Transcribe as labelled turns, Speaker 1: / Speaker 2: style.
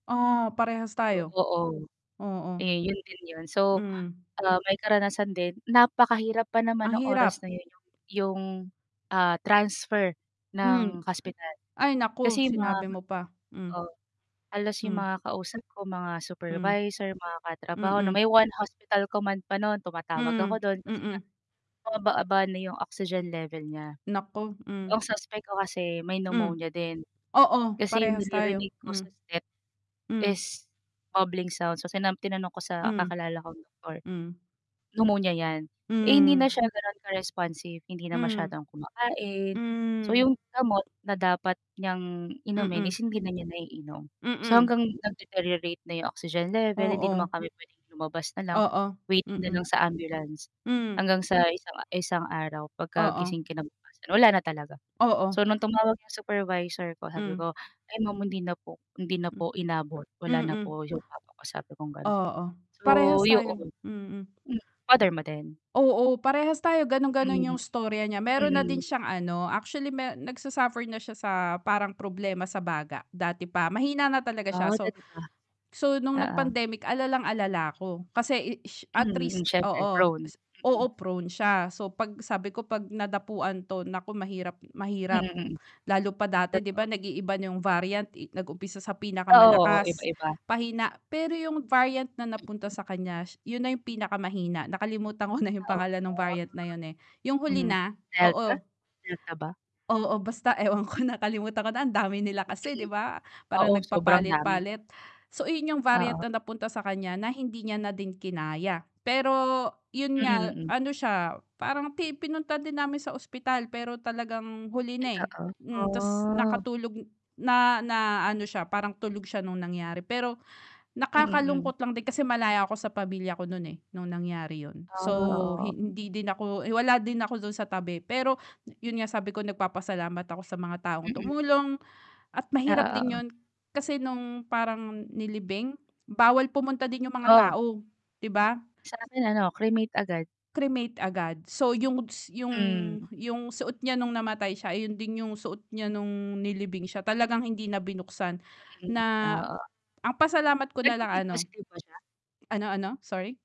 Speaker 1: Ah, parehas
Speaker 2: Yo
Speaker 1: tayo.
Speaker 2: oo.
Speaker 1: Oo.
Speaker 2: Eh, 'yon din 'yon. So,
Speaker 1: Hmm.
Speaker 2: ah, may karanasan din napakahirap pa naman
Speaker 1: Ang
Speaker 2: nung oras
Speaker 1: hirap.
Speaker 2: na 'yon yong 'yong, ah, transfer
Speaker 1: Hmm.
Speaker 2: ng hospital.
Speaker 1: Ay naku,
Speaker 2: Kasi ma
Speaker 1: sinabi mo pa, hmm.
Speaker 2: oh, halos 'yong
Speaker 1: Hmm.
Speaker 2: mga kausap ko mga
Speaker 1: Hmm.
Speaker 2: supervisor, mga katrabaho na
Speaker 1: Mm.
Speaker 2: may one hospital command pa no'n. Tumatawag ako
Speaker 1: Mhm,
Speaker 2: do'n kasi nga
Speaker 1: mm.
Speaker 2: bumababa na 'yong oxygen level niya.
Speaker 1: Naku, hmm.
Speaker 2: Ang suspect ko kasi may
Speaker 1: Hmm.
Speaker 2: pneumonia din.
Speaker 1: Oo,
Speaker 2: Kasi yung
Speaker 1: parehas tayo,
Speaker 2: naririnig ko
Speaker 1: hmm.
Speaker 2: sa step
Speaker 1: Hmm.
Speaker 2: is bubbling sound. So, sina tinanong ko sa
Speaker 1: Hmm.
Speaker 2: kakilala kong doktor,
Speaker 1: Hmm.
Speaker 2: pneumonia 'yan. Eh, hindi na
Speaker 1: Hmm.
Speaker 2: siya gano'n ka-responsive, hindi na
Speaker 1: Mhm,
Speaker 2: masyadong kumakain. So,
Speaker 1: hmm.
Speaker 2: 'yong gamot na dapat niyang inumin
Speaker 1: Mm.
Speaker 2: is hindi na niya naiinom. So
Speaker 1: Mm.
Speaker 2: hanggang nag-deteriorate na 'yong oxygen level, hindi naman
Speaker 1: Oo.
Speaker 2: kami puwedeng lumabas na lang,
Speaker 1: Oo,
Speaker 2: waiting na lang
Speaker 1: mm.
Speaker 2: sa ambulance.
Speaker 1: Mm.
Speaker 2: Hanggang sa isang isang araw
Speaker 1: Oo.
Speaker 2: pagkagising kinabukasan, wala na talaga.
Speaker 1: Oo.
Speaker 2: So, nung tumawag 'yong supervisor ko sabi
Speaker 1: Hmm.
Speaker 2: ko, "Ay ma'am, hindi na po, hindi na
Speaker 1: Hmm.
Speaker 2: po inabot. Wala na
Speaker 1: Mm.
Speaker 2: po yong papa ko," sabi kong gano'n.
Speaker 1: Oo,
Speaker 2: So,
Speaker 1: parehas tayo,
Speaker 2: 'yon.
Speaker 1: mm.
Speaker 2: M father mo din?
Speaker 1: Oo, parehas tayo gano'n-gano'n yung
Speaker 2: Hmm.
Speaker 1: istorya niya. Mayro'n na din
Speaker 2: Mm.
Speaker 1: siyang ano, actually me nagsa-suffer na siya sa parang problema sa baga, dati pa. Mahina na talaga siya
Speaker 2: Ah,
Speaker 1: so
Speaker 2: dati pa?
Speaker 1: so nung
Speaker 2: Oo.
Speaker 1: nag-pandemic alalang-alala ako kasi i ish at
Speaker 2: Mm,
Speaker 1: risk
Speaker 2: siyempre
Speaker 1: oo,
Speaker 2: prone.
Speaker 1: s oo
Speaker 2: Mm.
Speaker 1: prone siya. So, 'pag sabi ko 'pag nadapuan 'to naku mahirap
Speaker 2: Mm,
Speaker 1: mahirap
Speaker 2: mm.
Speaker 1: lalo pa dati 'di
Speaker 2: Totoo.
Speaker 1: ba nag-iiba na yung variant i nag-umpisa sa
Speaker 2: Ah, oo,
Speaker 1: pinakamalakas,
Speaker 2: iba-iba.
Speaker 1: pahina. Pero yung variant na napunta
Speaker 2: Mm.
Speaker 1: sa kanya sh 'yun na yung pinakamahina, nakalimutan ko na yung
Speaker 2: Ah,
Speaker 1: pangalan nung
Speaker 2: oo.
Speaker 1: variant na yun, eh. Yung huli
Speaker 2: Mhm,
Speaker 1: na,
Speaker 2: delta.
Speaker 1: oo.
Speaker 2: Delta ba?
Speaker 1: Oo, basta ewan ko nakalimutan ko na ang dami nila kasi,
Speaker 2: Mm.
Speaker 1: 'di ba?
Speaker 2: Oo,
Speaker 1: Parang
Speaker 2: sobrang dami.
Speaker 1: nagpapalit-palit. So, ayun variant
Speaker 2: Oo.
Speaker 1: na napunta sa kanya na hindi niya na din kinaya. Pero 'yun
Speaker 2: Mm,
Speaker 1: nga
Speaker 2: mm.
Speaker 1: ano siya parang ti pinunta din namin sa ospital, pero talagang huli na, eh.
Speaker 2: Totoo,
Speaker 1: Hmm, ta's
Speaker 2: ah.
Speaker 1: nakatulog na na ano siya, parang tulog siya nung nangyari, pero
Speaker 2: Mm, hmm.
Speaker 1: nakakalungkot lang din kasi malayo nga ako sa pamilya ko no'n, eh, nung nangyari 'yun.
Speaker 2: Ah,
Speaker 1: So, hi
Speaker 2: oo.
Speaker 1: hindi din ako eh, wala din ako do'n sa tabi, pero 'yun nga sabi ko nagpapasalamat ako sa mga taong
Speaker 2: Mm.
Speaker 1: tumulong at
Speaker 2: Oo,
Speaker 1: mahirap din
Speaker 2: oo.
Speaker 1: 'yun kasi nung parang nilibing bawal pumunta din yung mga
Speaker 2: Oh?
Speaker 1: tao, 'di ba?
Speaker 2: Sa'min ano, cremate agad.
Speaker 1: Cremate agad. So, yung s yung
Speaker 2: Hmm.
Speaker 1: yung suot niya nung namatay siya ayun din yung suot niya nung nilibing siya. Talagang hindi na binuksan
Speaker 2: Mm,
Speaker 1: na
Speaker 2: oo.
Speaker 1: ah, pasalamat ko nalang
Speaker 2: Nag-Covid
Speaker 1: ano
Speaker 2: positive ba siya?
Speaker 1: ano ano? Sorry.